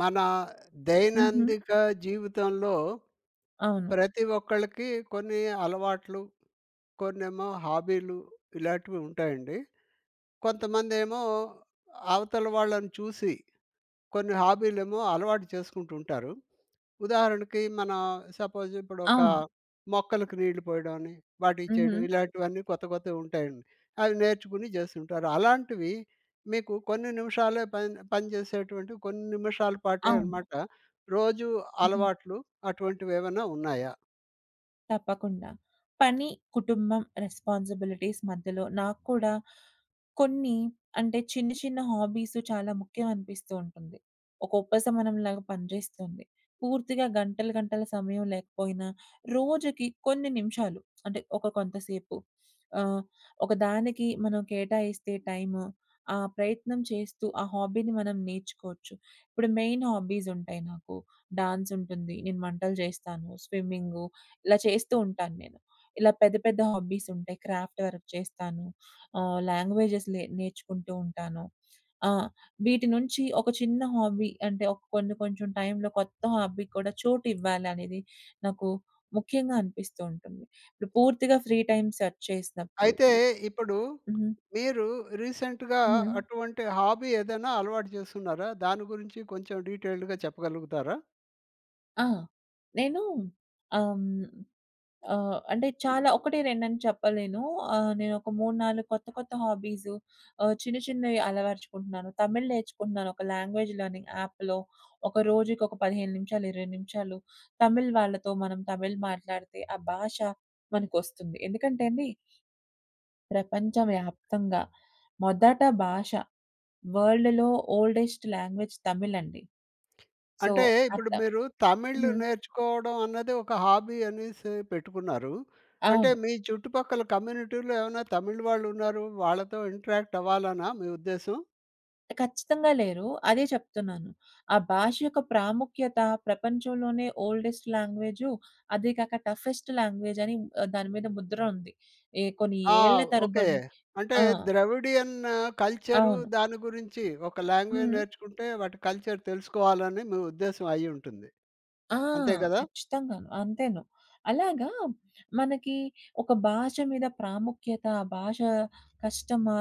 మన హుహు. దైనందిక జీవితంలో, అవును. ప్రతి ఒక్కళకి కొన్ని అలవాట్లు, కొన్నేమో హాబీలు ఇలాంటివి ఉంటాయండి. కొంతమందేమో అవతల వాళ్ళని చూసి, కొన్ని హాబీలేమో అలవాటు చేసుకుంటుంటారు. ఉదాహరణకి, మన సపోజిప్పుడొక అవును. మొక్కలకి నీళ్ళు పోయడమని, వాటిచ్చేయడం, హుహు. ఇలాంటివన్నీ కొత్త కొత్తగా ఉంటాయండి. అవి నేర్చుకొని జేస్తుంటారు. అలాంటివి మీకు కొన్ని నిమిషాలే పని పని జేసేటువంటి కొన్ని నిమిషాల పాటే అవును. అనమాట. రోజు హుహు. అలవాట్లు అటువంటివేమైనా ఉన్నాయా? తప్పకుండా. పని, కుటుంబం, రెస్పాన్సిబిలిటీస్ మధ్యలో నాకు కూడా కొన్ని అంటే చిన్న, చిన్న హాబీసు చాలా ముఖ్యమనిపిస్తూ ఉంటుంది. ఒక ఉపసమనంలాగా, పని జేస్తుంది. పూర్తిగా గంటలు గంటల సమయం లేకపోయినా, రోజుకి కొన్ని నిమిషాలు అంటే ఒక కొంతసేపు ఆహ్, ఒక దానికి మనం కేటాయిస్తే టైము, ఆ ప్రయత్నం చేస్తూ, ఆ హాబీని మనం నేర్చుకోచ్చు. ఇప్పుడు మెయిన్ హాబీసుంటాయి నాకు. డాన్సుంటుంది, నేను వంటలు జేస్తాను, స్విమ్మింగ్గు, ఇలా చేస్తూ ఉంటాను నేను. ఇలా పెద్ద పెద్ద హాబ్బీసుంటాయి. క్రాఫ్ట్ వర్క్ చేస్తాను. ఆహ్, లాంగ్వేజెస్ లే నేర్చుకుంటూ ఉంటాను. ఆ! వీటి నుంచి ఒక చిన్న హాబీ అంటే ఒక కొన్ని కొంచెం టైంలో కొత్త హాబీ కూడా చోటివ్వాలనేది నాకు ముఖ్యంగా అనిపిస్తూంటుంది. ఇప్పుడు పూర్తిగా ఫ్రీ టైం సెర్చ్ చేసినప్పుడు అయితే ఇప్పుడు హ్మ్. మీరు రీసెంట్‌గా హ్మ్. అటువంటి హాబీ ఏదైనా అలవాటు జేస్తున్నారా? దాని గురించి కొంచెం డీటెయిల్డ్‌గా చెప్పగలుగుతారా? ఆ! నేను ఆ! హ్మ్. ఆహ్, అంటే చాలా 1, 2 చెప్పలేను. ఆహ్, నేనొక 3, 4 కొత్త కొత్త హాబీసు ఆహ్, చిన్న, చిన్నయి అలవరచుకుంటున్నాను. తమిళ్ నేర్చుకుంటున్నాను ఒక లాంగ్వేజ్ లెర్నింగ్ యాప్‌లో. ఒక రోజుకొక 15 నిమిషాలు, 20 నిమిషాలు తమిళ్ వాళ్ళతో మనం తమిళ్ మాట్లాడితే ఆ భాష మనకొస్తుంది. ఎందుకంటే అండి ప్రపంచ వ్యాప్తంగా మొదట భాష వరల్డ్‌లో ఓల్డెస్ట్ లాంగ్వేజ్ తమిళ్ అండి. సో, అంటే ఆ ఇప్పుడు త మీరు తమిళ్ హ్మ్. నేర్చుకోవడం అన్నది ఒక హాబీ అనేసి పెట్టుకున్నారు. అంటే అవును. మీ చుట్టుపక్కల కమ్యూనిటీలో ఏమన్నా తమిళ్ వాళ్ళున్నారు. వాళ్ళతో ఇంటరాక్ట్ అవ్వాలనా మీ ఉద్దేశ్యం? ఖచ్చితంగా లేరు. అదే చెప్తున్నాను. ఆ భాష యొక్క ప్రాముఖ్యత ప్రపంచంలోనే ఓల్డెస్ట్ లాంగ్వేజు, అది కాక టఫెస్ట్ లాంగ్వేజ్ అని దాని మీద ముద్ర ఉంది. ఏ కొన్ని ఆ! ఏళ్ళ ఓకే. తరబడి అంటే ఆ! ద్రవిడియన్ కల్చరు అవును. దాని గురించి ఒక లాంగ్వేజ్ హ్మ్. నేర్చుకుంటే వాటి కల్చర్ తెలుసుకోవాలని మీ ఉద్దేశ్యం అయ్యుంటుంది. ఆ! అంతే కదా? ఖచ్చితంగాను. అంతేను. అలాగా మనకి ఒక భాష మీద ప్రాముఖ్యత, ఆ భాషా కష్టమా?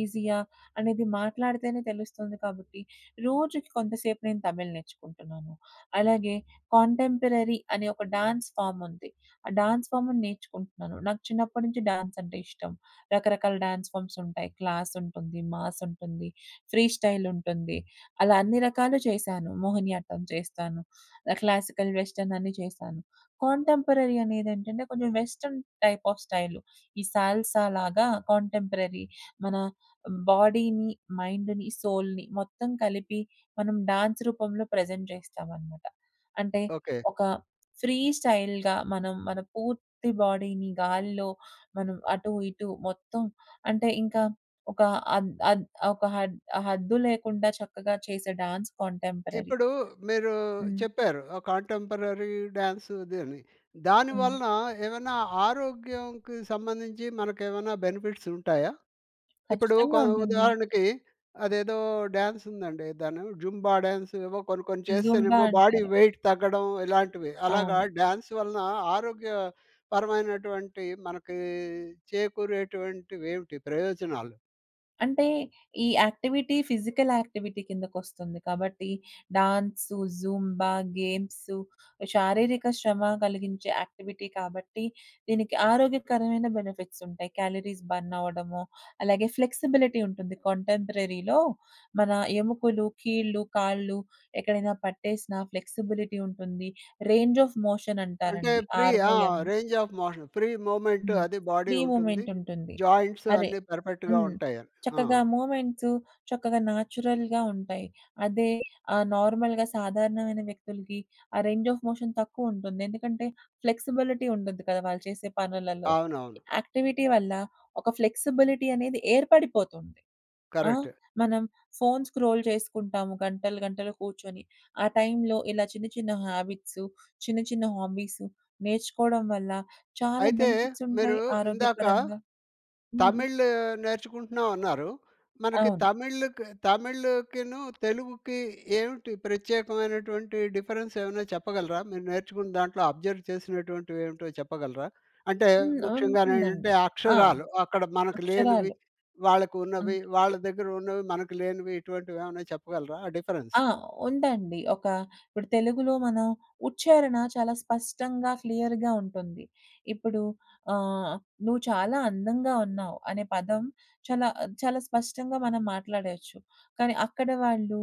ఈజీయా? అనేది మాట్లాడితేనే తెలుస్తుంది కాబట్టి, రోజుకి కొంతసేపు నేను తమిళ్ నేర్చుకుంటున్నాను. అలాగే కాంటెంపరరీ అనే ఒక డాన్స్ ఫార్మ్ ఉంది. ఆ డాన్స్ ఫార్మ్‌ని నేర్చుకుంటున్నాను. నాకు చిన్నప్పటి నుంచి డాన్స్ అంటే ఇష్టం. రకరకాల డాన్స్ ఫార్మ్స్ ఉంటాయి. క్లాస్ ఉంటుంది. మాస్ ఉంటుంది. ఫ్రీస్టైల్ ఉంటుంది. అలా అన్ని రకాలు చేశాను. మోహినియాట్టం చేస్తాను. ఆహ్, క్లాసికల్ వెస్ట్రన్ అన్ని చేశాను. కాంటెంపరరీ అనేదేంటంటే, కొంచెం వెస్ట్రన్ టైప్ ఆఫ్ స్టైలు ఈ సాల్సాలాగా కాంటెంపరరీ మన బాడీని, మైండ్‌ని, సోల్‌ని మొత్తం కలిపి మనం డాన్స్ రూపంలో ప్రజెంట్ చేస్తామనమాట. అంటే ఓకే. ఒక ఫ్రీ స్టైల్‌గా మనం మన పూర్తి బాడీని గాలిలో, మనం అటు, ఇటు మొత్తం అంటే ఇంకా ఒక అన్ అద్ ఒక హద్ హద్దు లేకుండా చక్కగా చేసే డాన్స్ కాంటెంపరరీ. ఇప్పుడు మీరు హ్మ్ చెప్పారు ఒక కాంటెంపరరీ డ్యాన్స్ ఇది అని. హ్మ్. దానివలన ఏమన్నా ఆరోగ్యంకి సంబంధించి మనకేమన్న బెనిఫిట్స్ ఉంటాయా? ఇప్పుడు ఖచ్చితంగా కొ ఉంటుంది. ఉదాహరణకి, అదేదో డ్యాన్స్ ఉందండి. దాన్ని జుంబా డ్యాన్స్ ఏవో కొన్ని కొన్ని జుంబా చేస్తేనేమో బాడీ అంటారు. వెయిట్ తగ్గడం, ఇలాంటివి. అలాగా అవును. డ్యాన్స్ వలన ఆరోగ్య పరమైనటువంటి మనకి చేకూరేటువంటివేమిటి ప్రయోజనాలు? అంటే ఈ యాక్టివిటీ ఫిజికలాక్టివిటీ కిందకొస్తుంది. కాబట్టి డాన్సు, జూంబా, గేమ్సు శారీరక శ్రమ గలిగించే యాక్టివిటీ కాబట్టి, దీనికి ఆరోగ్యకరమైన బెనిఫిట్సుంటాయి. క్యాలరీస్ బర్నవ్వడమో, అలాగే ఫ్లెక్సిబిలిటీ ఉంటుంది. కాంటెంపరరీ‌లో మన ఎముకులు, కీళ్ళు, కాళ్ళు ఎక్కడైనా పట్టేసినా ఫ్లెక్సిబులిటీ ఉంటుంది. రేంజ్ ఆఫ్ అంటే మోషనంటారండి. ఫ్రీ ఆర్‌ ఓ ఆ! M. Range of motion. Free movement హ్మ్. అది బాడీ ఫ్రీ ఉంటుంది. మూమెంటుంటుంది. జాయింట్స్ అరే అన్నీ పర్‌ఫెక్ట్‌గా హ్మ్. ఉంటాయ. ఆ! చక్కగా మూమెంట్సు, చక్కగా న్యాచురల్‌గా ఉంటాయి. అదే ఆహ్, నార్మల్‌గా సాధారణమైన వ్యక్తులకి ఆ రేంజ్ ఆఫ్ మోషన్ తక్కువుంటుంది. ఎందుకంటే, ఫ్లెక్సిబులిటీ ఉండద్దు కదా! వాళ్ళు చేసే పనులలో. అవునవును. యాక్టివిటీ వల్ల, ఒక ఫ్లెక్సిబులిటీ అనేది ఏర్పడిపోతుంది. ఆ! కరెక్ట్. మనం ఫోన్స్ స్క్రోల్ చేసుకుంటాము గంటలు గంటలు కూర్చొని. ఆ టైంలో ఇలా చిన్న చిన్న హ్యాబిట్సు, చిన్న చిన్న హాబీసు నేర్చుకోవడం వల్ల చాలా అయితే, మీరు బెనిఫిట్సుంటాయి. ఇందాకా ఆరోగ్యపరంగా హ్మ్. తమిళ్ నేర్చుకుంటున్నాం అన్నారు. మనకి అవును. తమిళ్‌కి తమిళకిను, తెలుగుకి ఏమిటిి ప్రత్యేకమైనటువంటి డిఫరెన్సేమైనా చెప్పగలరా? మీరు నేర్చుకుని దాంట్లో అబ్జర్వ్ చేసినటువంటివేమిటో చెప్పగలరా? అంటే హ్మ్. ముఖ్యంగానేంటంటే, ఉంటుందండి. ఆ ఆ! అక్షరాలు అక్కడ మనకి లేనివి, అక్షరాలు. వాళ్ళకున్నవి. అంటే వాళ్ళ దగ్గరున్నవి, మనకులేనివి ఇటువంటివేమన్నా చెప్పగలరా ఆ డిఫరెన్స్? ఆ! ఉందండి. ఒక ఇప్పుడు తెలుగులో మనం ఉచ్చారణ చాలా స్పష్టంగా క్లియర్‌గా ఉంటుంది. ఇప్పుడు ఆహ్, 'నువ్వు చాలా అందంగా ఉన్నావు' అనే పదం చాలా చాలా స్పష్టంగా మనం మాట్లాడయేచ్చు. కానీ అక్కడ వాళ్ళు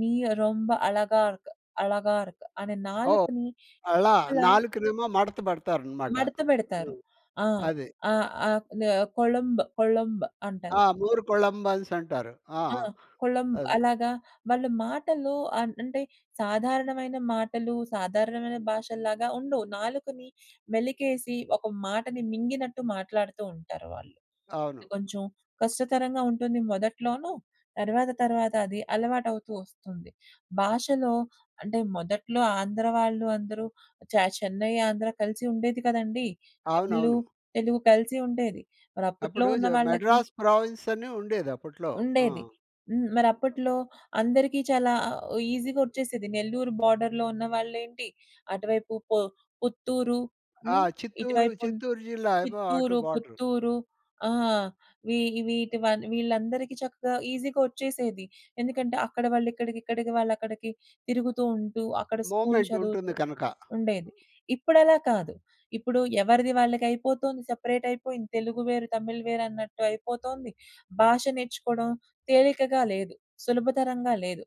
నీ రొంబ అలగార్క్, అలగార్క్ అనే ఓహ్! నాలుకని అలా ఇలా... నాలుకనేమో మడత పెడతారనమాట. మడత బెడతారు. హ్మ్. ఆ! అదే. ఆ! ఆక్‌నే కొళంబ్ కొళంబ్ అంటారు. ఆ! మూర్ కొళంబన్సంటారు. ఆ! ఆ! కొళంబ్ అది. అలాగా వాళ్ళు మాటల్లో అన్ అంటే సాధారణమైన మాటలు, సాధారణమైన భాషల్లాగా ఉండవు. నాలుకని మెలికేసి, ఒక మాటని మింగినట్టు మాట్లాడుతూ ఉంటారు వాళ్ళు. అవును. కొంచెం కష్టతరంగా ఉంటుంది మొదట్లోను. తర్వాత తర్వాత అది అలవాటవుతూ ఒస్తుంది. భాషలో అంటే మొదట్లో ఆంధ్ర వాళ్ళు అందరూ చె చెన్నై, ఆంధ్ర కలిసుండేది కదండీ! తమిళు, అవునవును. తెలుగు కలిసి ఉండేది. మరప్పట్లో అప్పుడు ఉన్న జ వాళ్ళకి మద్రాస్ ప్రావిన్సని ఉండేది అప్పుట్లో. ఆ! ఉండేది. హ్మ్. మరిప్పట్లో అందరికీ చాలా ఈజీగొచ్చేసేది. నెల్లూరు బోర్డర్‌లో ఉన్న వాళ్ళేంటి. అటువైపు పొ పుత్తూరు, ఆ! హ్మ్. చిత్తూరు, ఇటువైపున్ చిత్తూరు జిల్లా ఏమో అటు చిత్తూరు, బోర్డరు. పుత్తూరు. ఆ! వీ వీటివ వీళ్ళందరికీ చక్కగా ఈజీగొచ్చేసేది. ఎందుకంటే, అక్కడ వాళ్ళుక్కడికి, ఇక్కడికి వాళ్ళుక్కడికి తిరుగుతూ ఉంటూ, అక్కడ స్కూల్ చదువుతూ మూమెంటుంటుంది కనక. ఉండేది. ఇప్పుడలా కాదు. ఇప్పుడు ఎవరిది వాళ్ళకయిపోతుంది. సెపరేటయిపోయింది. తెలుగు వేరు, తమిళ్ వేరన్నట్టయిపోతుంది. భాష నేర్చుకోవడం తేలికగా లేదు. సులభతరంగా లేదు.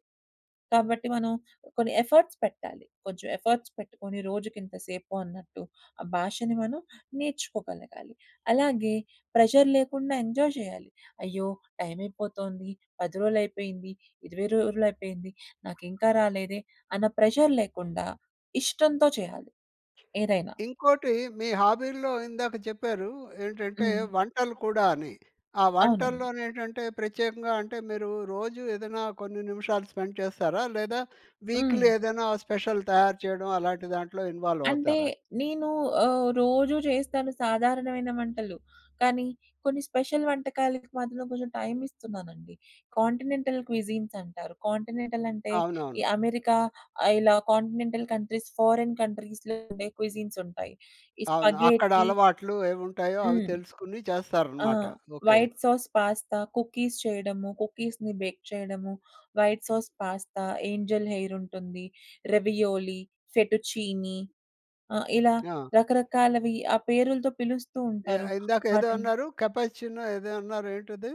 కాబట్టి, మనం కొన్ని ఎఫర్ట్స్ పెట్టాలి. కొంచెం ఎఫర్ట్స్ పెట్టుకొని, రోజుకింత సేపు అన్నట్టు, ఆ భాషని మనం నేర్చుకోగలగాలి. అలాగే ప్రెషర్ లేకుండా ఎంజాయ్ చేయాలి. అయ్యో! టైమయిపోతుంది, 10 రోజులయిపోయింది, 20 రోజులయిపోయింది. నాకింకా రాలేదే అన్న ప్రెజర్ లేకుండా ఇష్టంతో చేయాలి. ఏదైనా. ఇంకోటి మీ హాబీల్లో ఇందాక చెప్పారు. ఏంటంటే, హ్మ్. వంటలు కూడా అని. ఆ అవునండి. వంటల్లోనేంటంటే, ప్రత్యేకంగా అంటే మీరు రోజు ఏదైనా కొన్ని నిమిషాలు స్పెండ్ చేస్తారా? లేదా వీక్‌లీ హ్మ్. ఏదైనా స్పెషల్ తయారు చేయడం అలాంటి దాంట్లో అంటే ఇన్‌వాల్వవుతారా? నేను ఆహ్, రోజూ జేస్తాను సాధారణమైన వంటలు. కానీ కొన్ని స్పెషల్ వంటకాలకి మధ్యలో కొంచెం టైమిస్తున్నానండి. కాంటినెంటల్ క్విజీన్సంటారు. కాంటినెంటలంటే అవునవును. ఈ అమెరికా, ఆహ్, ఇలా కాంటినెంటల్ కంట్రీస్, ఫారెన్ కంట్రీస్‌లో ఉండే క్విజీన్సుంటాయి. ఈ అవును. అక్కడ స్పగేటి అలవాట్లు ఏముంటాయో అవి హ్మ్. తెలుసుకుని ఆ! చేస్తారనమాట. Okay. White sauce pasta, cookies చేయడము, కుకీస్‌ని బేక్ చేయడము. వైట్ సాస్ పాస్తా, ఏంజిల్ హెయిరుంటుంది. Ravioli, fettuccine. ఆ! ఇలా ఆ! రకరకాలవి ఆ పేరులుతో ఏ పిలుస్తూంటారు. ఇందాకేదో వాటిల్ అన్నారు? కెపచ్చీనో ఏదో అన్నారేంటది?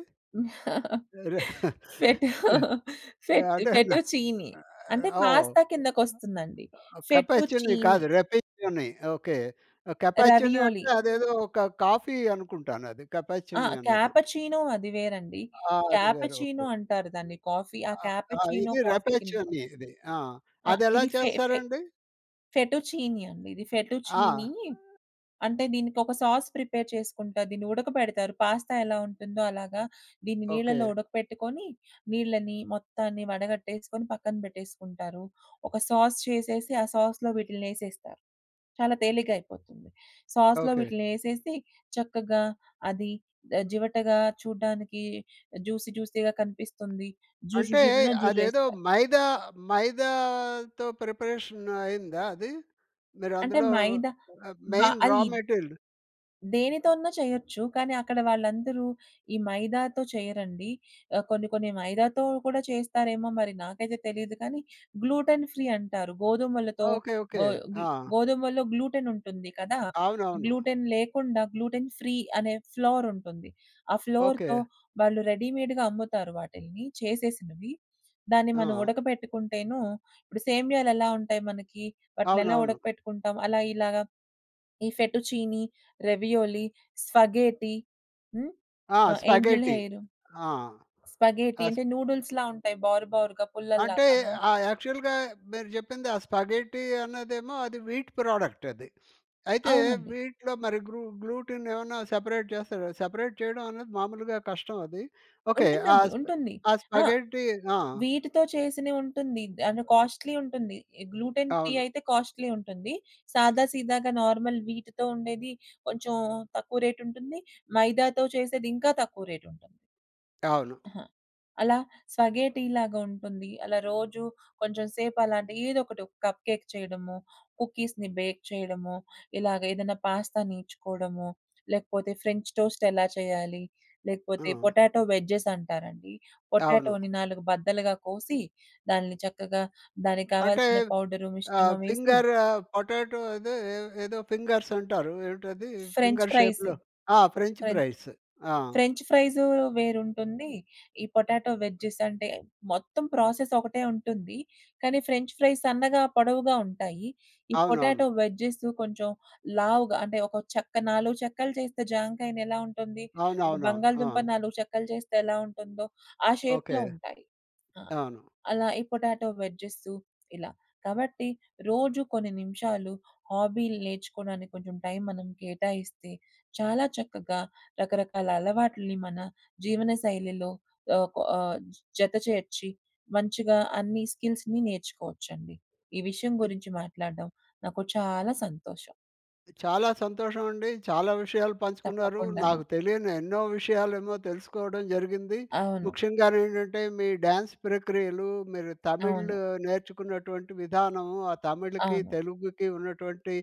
స్వెటూ, ఎహ్ ఫెట్ అంటే నా ఫెటు చీనీ. అంటే ఓహ్! పాస్త కిందకొస్తుందండి. సెటూ కపేచుని చీనీ. కాదు. రెపేచుని. ఓకే. కెపాచునీ రావియోలీ. అంటే అదేదో ఒక కాఫీ అనుకుంటానది. ఆ! కెపాచునీ అన్నది. క్యాపచీనో అది వేరండి. ఆ! అది వేరు. ఓకే. క్యాపచీనో అంటారు దాన్ని కాఫీ ఆ ఆ ఆ క్యాపచినో ఇది కాఫీ కిందకొ రెపలేచుని ఇది. ఆ! ఆ! అదెలా ఇది ఫే ఫే చేస్తారండి? ఫెటు చీనీ అండి ఇది. Fettuccine. ఆ! అంటే దీనికొక సాస్ ప్రిపేర్ చేసుకుంటా. దీన్ని ఉడకబెడతారు. పాస్తా ఎలా ఉంటుందో అలాగా, దీన్ని నీళ్ళలో ఓకే. ఉడకపెట్టుకొని, నీళ్ళని మొత్తాన్ని వడగట్టేసుకొని, పక్కన బెట్టేసుకుంటారు. ఒక సాస్ చేసేసి, ఆ సాస్‌లో వీటిలిని ఎసేస్తారు. చాలా తేలిగ్గయిపోతుంది. సాస్‌లో ఓకే. వీటిలినేసేసి, చక్కగా అది జివటగా చూడ్డానికి జూసి, జూసీగా కనిపిస్తుంది. జుర్రు అంటే జుర్రున అదేదో జుర్రేస్తారు. మైదా, మైదాతో ప్రిపరేషనయిందా అది? అంటే మీరందులో మైద బ మెయిన్ రా అయిద్ మెటీరిల్? దేనితోన్నా చేయొచ్చు. కానీ అక్కడ వాళ్ళందరూ ఈ మైదాతో చేయరండి. ఆ కొన్ని కొన్ని మైదాతో కూడా చేస్తారేమో మరి నాకైతే తెలీదు కానీ, గ్లూటన్ ఫ్రీ అంటారు. గోధుమలతో ఓకే. ఓకే. గో గ్ ఆ! గోధుమలలో గ్లూటనుంటుంది. కదా! అవునవును. గ్లూటెన్ లేకుండా గ్లూటెన్ ఫ్రీ అనే ఫ్లౌరుంటుంది. ఆ ఫ్లౌర్‌తో ఓకే. వాళ్ళు రెడీమేడ్‌గా అమ్ముతారు వాటిలిని చేసేసినవి. దాన్ని మనం ఆ! ఉడకబెట్టుకుంటేను, ఇప్పుడు సేమ్యాలెలా ఉంటాయి మనకీ, వాటిలినెలా అవునవును. ఉడకపెట్టుకుంటాం అలా ఇలాగా ఈ ఫెటు చీనీ, రావియోలీ, స్పగేటి. హ్మ్. ఆ! ఆ! Angel spaghetti. హెయిరు. ఆ! స్పగేటి ఆస్ అంటే నూడుల్స్‌లా ఉంటాయి బారు బరుగా అంటే పుల్లల్లాగాను. ఆ! యాక్చవల్‌గా మీరు జెప్పింది ఆ స్పగేటీ అన్నదేమో అది వీట్ ప్రోడక్టది. అయితే అవునండి. వీటిలో మరి గ్లూ గ్లూటినేమన్నా సెపరేట్ చేస్తారు. సెపరేట్ చేయడం అన్నది మాములుగా కష్టం అది. ఓకే. ఆ ఉంటుందండి. స్ప ఉంటుంది. ఆ ఆ! స్పగేటీ ఆ! వీటితో చేసినయుంటుంది. అండ్ కాస్ట్‌లీ ఉంటుంది. గ్లూటెన్ ఫ్రీ అవును. అయితే కాస్ట్‌లీ ఉంటుంది. సాదా సీదాగా నార్మల్ వీట్‌తో ఉండేది కొంచెం తక్కువ రేటుంటుంది. మైదాతో చేసేది ఇంకా తక్కువ రేటుంటుంది. అవును. అహ! అలా స్వగేటీలాగుంటుంది. అలా రోజు కొంచెం సేపలాంటి ఏదొకటి కప్ కేేక్ చేయడమొ, కుకీస్‌ని బేక్ చేయడమొ, ఇలాగేదైనా పాస్తా నేర్చుకోవడమొ, లేకపోతే ఫ్రెంచ్ టోస్ట్ ఎలా చేయాలి, లేకపోతే ఆ! పొటాటో వెడ్జెసంటారండి. అవును. పొటాటోని 4 బద్దలుగా కోసి దాని చక్కగా దానికి అంటే కావాల్సిన పౌడర్ ఆహ్, మిశ్రమం ఎసి ఫింగర్ ఆహ్, పొటాటో అదే ఏ ఏదో ఫింగర్సంటారు. ఏంటది? French finger fries. షేప్‌లో ఆ! French French fries. ఆ! ఫ్రెంచ్ ఫ్రైసు వేరుంటుంది. ఈ పొటాటో వెడ్జెసంటే, మొత్తం ప్రాసెసొకటే ఉంటుంది. కానీ ఫ్రెంచ్ ఫ్రైస్ సన్నగా, పొడవుగా ఉంటాయి. ఈ అవునవును. పొటాటో వెజ్జెస్ కొంచెం లావుగా, అంటే ఒక చెక్క 4 చెక్కలు చేస్తే జాంకాయినెలా ఉంటుంది? ఒక అవునవునవును. ఆ! బంగాళదుంప నాలుగు చెక్కలు చేస్తే ఎలా ఉంటుందో ఆ ఓకే. షేప్‌లో ఉంటాయి. ఆ! అవును. అలా ఈ పొటాటో వెడ్జెసు ఇలా. కాబట్టి రోజు కొన్ని నిమిషాలు హాబీలు నేర్చుకోడానికి కొంచెం టైం మనం కేటాయిస్తే, చాలా చక్కగా రకరకాల అలవాట్లి‌ని మన జీవనశైలిలో ఆహ్, కొ ఆహ్, జత చేర్చి, మంచిగా అన్ని స్కిల్స్‌ని నేర్చుకోవచ్చండి. ఈ విషయం గురించి మాట్లాడడం నాకు చాలా సంతోషం. చాలా సంతోషమండి. చాలా విషయాలు పంచుకున్నారు. తప్పకుండాను. నాకు తెలియని ఎన్నో విషయాలేమో తెలుసుకోడం జరిగింది. అవును. ముఖ్యంగానేంటంటే, మీ డ్యాన్స్ ప్రక్రియలు, మీరు తమిళ్ అవును. నేర్చుకున్నటువంటి విధానము, ఆ తమిళ్‌కి, అవును. తెలుగుకి ఉన్నటువంటి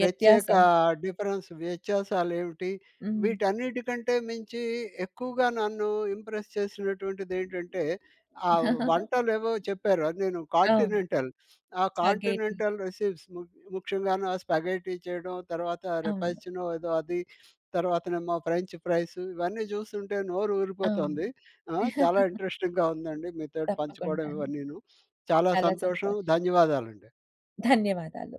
ప్రత్యేకా డిఫరెన్స్ వ్యత్యాసాలేమిటిి. హ్మ్. వీటన్నిటి కంటే మించి, ఎక్కువగా నన్ను ఇంప్రెస్ చేసినటువంటిదేంటంటే, ఆ వంటలేవో చెప్పారు, అది నేను అవును. కాంటినెంటల్. ఆ స్పగేటి. కాంటినెంటల్ రెస్‌పీస్‌ ముఖ్యంగాను ఆ స్పగేటీ చేయడం, తర్వాత అవును. రెపైచినో ఏదో అది, తర్వాతనేమో ఫ్రెంచ్ ఫ్రైసు, ఇవన్నీ జూస్తుంటే అవును. నోరూరిపోతుంది. ఆ! చాలా ఇంట్రెస్టింగ్‌గా ఉందండి. మీతోటి పంచుకోవడం తప్పకుండాను. ఇవన్నీను. చాలా చాలా సంతోషం సంతోషం. ధన్యవాదాలండి. ధన్యవాదాలు.